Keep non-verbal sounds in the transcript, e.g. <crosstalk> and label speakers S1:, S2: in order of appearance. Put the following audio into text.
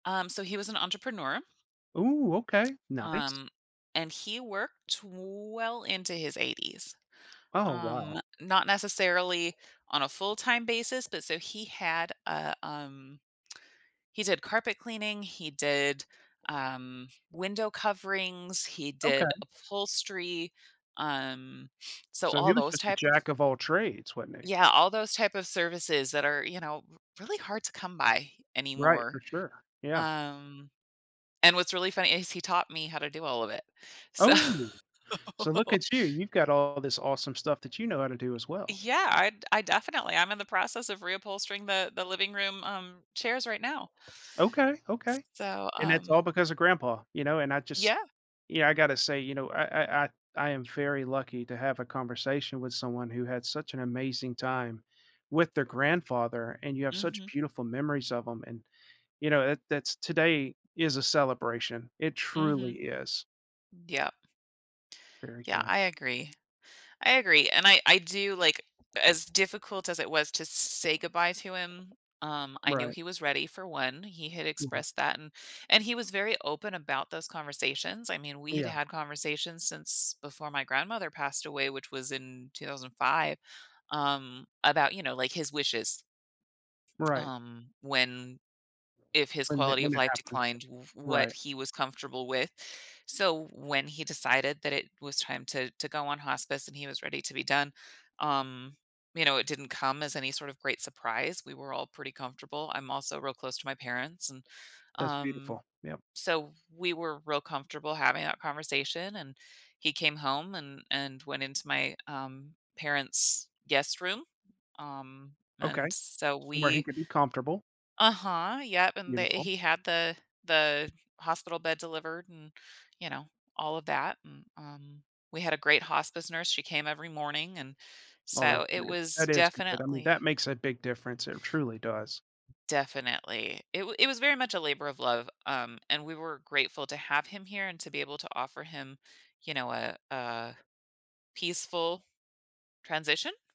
S1: Um, so he was an entrepreneur
S2: Ooh, okay, nice.
S1: um, and he worked well into his 80s.
S2: Oh,
S1: Um,
S2: wow.
S1: not necessarily on a full-time basis, but so he had, uh, um he's a carpet cleaning, he did, um, window coverings, he did
S2: Okay.
S1: upholstery, um, so
S2: So he
S1: all
S2: was
S1: those
S2: just a
S1: type of
S2: jack-of-all-trades, wasn't he?
S1: Yeah, all those type of services that are, you know, r really hard to come by
S2: Right,
S1: anymore.
S2: for sure. Yeah.
S1: Um, and what's really funny is he taught me how to do all of it. So
S2: Oh. So look
S1: <laughs>
S2: at you, you've got all this awesome stuff that you know how to do as well.
S1: Yeah, I'd I definitely I'm in the process of reupholstering the the living room, um, chairs right now.
S2: Okay,
S1: S
S2: okay.
S1: so,
S2: And that's all
S1: um
S2: because of grandpa, you know, and I just
S1: Yeah.
S2: yeah, I gotta say, you know, I I I I am very lucky to have a conversation with someone who had such an amazing time with their grandfather, and you have such
S1: Mhm.
S2: beautiful memories of him, and, you know, that that's today is a celebration, it truly
S1: Mhm.
S2: is.
S1: Yep.
S2: Very
S1: Yeah,
S2: good.
S1: I agree. I agree, and I I do, like as difficult as it was to say goodbye to him, um, I knew
S2: Right.
S1: he was ready for 1, he had
S2: Yeah.
S1: expressed that, and and he was very open about those conversations. I mean, we'd
S2: Yeah.
S1: had conversations since before my grandmother passed away, which was in 2005, um, about, you know, like, his wishes
S2: Right.
S1: um, when if his
S2: When tha
S1: quality
S2: when
S1: of
S2: it
S1: life
S2: happened.
S1: declined, w what
S2: Right.
S1: he was comfortable with. So when he decided that it was time to to go on hospice and he was ready to be done, um, you know, it didn't come as any sort of great surprise, we were all pretty comfortable. I'm also real close to my parents, and,
S2: That's
S1: um
S2: beautiful, yep.
S1: so we were real comfortable having that conversation, and he came home and and went into my, um, parents' guest room, um,
S2: Okay.
S1: and so
S2: Somewhere he
S1: we
S2: could be comfortable.
S1: Uh-huh, yep, and they
S2: Beautiful.
S1: he had the the hospital bed delivered and, you know, all of that, m um, we had a great hospice nurse. She came every morning, and
S2: Oh,
S1: so
S2: that's
S1: it
S2: great.
S1: was
S2: That is good, I mean, that
S1: definitely
S2: makes a big difference, it truly does.
S1: Definitely. It wa it was very much a labor of love, um, and we were grateful to have him here and to be able to offer him, you know, a a peaceful transition?